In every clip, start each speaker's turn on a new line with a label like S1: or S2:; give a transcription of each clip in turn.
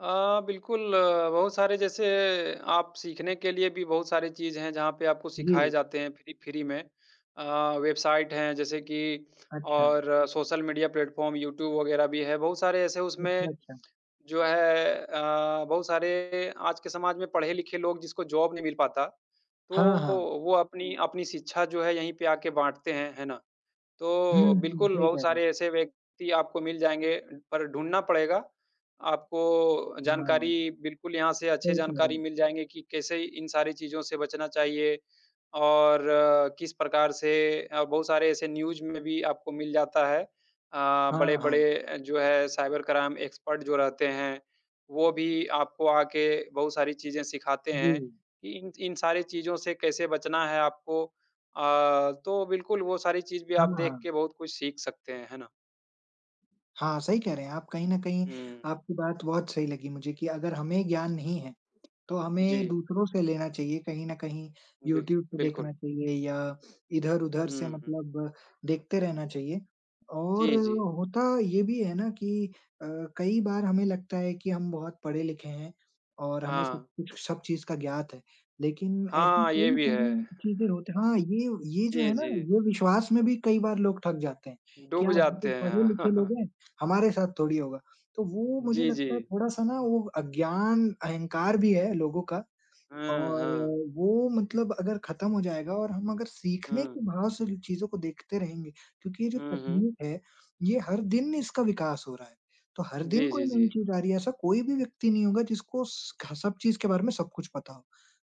S1: अ, बिल्कुल अ, बहुत सारे जैसे आप सीखने के लिए भी बहुत सारी चीज़ हैं, जहाँ पे आपको सिखाए
S2: जी।
S1: जाते हैं फ़्री फ़्री में। अ, वेबसाइट हैं जैसे कि
S2: अच्छा।
S1: और सोशल मीडिया प्लेटफ़ॉर्म यूट्यूब वगैरह भी है। बहुत सारे ऐसे
S2: अच्छा,
S1: उसमें
S2: अच्छा।
S1: जो है अ, बहुत सारे आज के समाज में पढ़े-लिखे लोग जिसको जॉब नहीं मिल पाता तो
S2: हाँ, हाँ।
S1: वो अपनी अपनी शिक्षा जो है यहीं पे आके बाँटते हैं, है ना?
S2: हुँ,
S1: तो
S2: हुँ।
S1: बिल्कुल
S2: सही कह
S1: बहुत
S2: रहे हैं।
S1: सारे ऐसे व्यक्ति आपको मिल जाएँगे, पर ढूँढना पड़ेगा आपको
S2: हाँ।
S1: जानकारी
S2: सही
S1: बिल्कुल यहाँ से अच्छी
S2: कह रहे
S1: जानकारी
S2: हैं।
S1: मिल जाएँगी कि कैसे इन सारी चीज़ों से बचना चाहिए और किस प्रकार से अ, बहुत सारे ऐसे न्यूज़ में भी आपको मिल जाता है। अ,
S2: हाँ, हाँ।
S1: बड़े-बड़े जो है साइबर क्राइम एक्सपर्ट जो रहते हैं वो भी आपको आके बहुत सारी चीज़ें सिखाते हैं
S2: जी।
S1: कि इन इन सारी चीज़ों से कैसे बचना है आपको। अ, तो बिल्कुल वो सारी चीज़ भी
S2: हाँ,
S1: आप देख
S2: हाँ।
S1: के बहुत कुछ सीख सकते हैं। है ना?
S2: हाँ, सही कह रहे हैं आप। कहीं न कहीं
S1: हुँ।
S2: आपकी बात बहुत सही लगी मुझे कि अगर हमें ज्ञान नहीं है तो हमें
S1: जी।
S2: दूसरों से लेना चाहिए, कहीं न कहीं
S1: बिल
S2: यूट्यूब से
S1: बिल्कुल।
S2: देखना चाहिए या इधर-उधर से
S1: हुँ, हुँ।
S2: मतलब देखते रहना चाहिए और
S1: जी, जी।
S2: होता ये भी है ना कि अ, कई बार हमें लगता है कि हम बहुत पढ़े-लिखे हैं और हमें सब
S1: हाँ।
S2: कुछ सब चीज़ का ज्ञात है। लेकिन ऐसी
S1: हाँ, ये
S2: कई
S1: भी
S2: सारी
S1: है।
S2: चीज़ें होत हाँ, ये ये जो है
S1: जी,
S2: ना
S1: जी।
S2: ये विश्वास में भी कई बार लोग ठग जाते हैं कि
S1: डूब
S2: यार हम तो
S1: जाते हैं।
S2: पढ़े-लिखे लोग हैं, हमारे साथ थोड़ी होगा। तो वो मुझे
S1: जी,
S2: लगता है
S1: जी।
S2: थोड़ा-सा ना वो अज्ञान अहंकार भी है लोगों का
S1: हुँ,
S2: और
S1: हाँ।
S2: वो मतलब अगर खत्म हो जाएगा और हम अगर सीखने
S1: हुँ।
S2: के भाव से जो चीज़ों को देखते रहेंगे। क्योंकि ये जो
S1: उहुँ।
S2: तकनीक है, ये हर दिन इसका विकास हो रहा है तो हर दिन
S1: जी,
S2: कोई
S1: जी,
S2: नई
S1: जी।
S2: चीज़ आ रही है। ऐसा कोई भी व्यक्ति नहीं होगा जिसको स ख सब चीज़ के बारे में सब कुछ पता हो।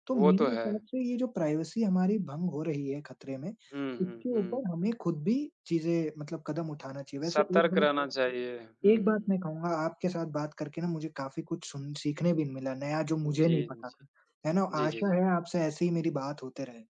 S2: तो
S1: वो तो
S2: मेरी
S1: है।
S2: तरफ से ये जो प्राइवेसी हमारी भंग हो रही है खतरे में,
S1: हुँ, हुँ,
S2: इसके
S1: हुँ।
S2: ऊपर हमें खुद भी चीज़ें मतलब कदम उठाना चाहिए। वैसे एक
S1: सतर्क
S2: बात
S1: रहना चाहिए। हुँ,
S2: एक
S1: हुँ,
S2: बात मैं
S1: हुँ।
S2: कहूँगा आपके साथ बात करके ना मुझे काफ़ी कुछ सुन सीखने भी मिला नया जो मुझे
S1: जी,
S2: नहीं
S1: जी।
S2: पता था। है ना?
S1: जी, जी,
S2: आशा
S1: जी।
S2: है आपसे ऐसे ही मेरी बात होते रहे।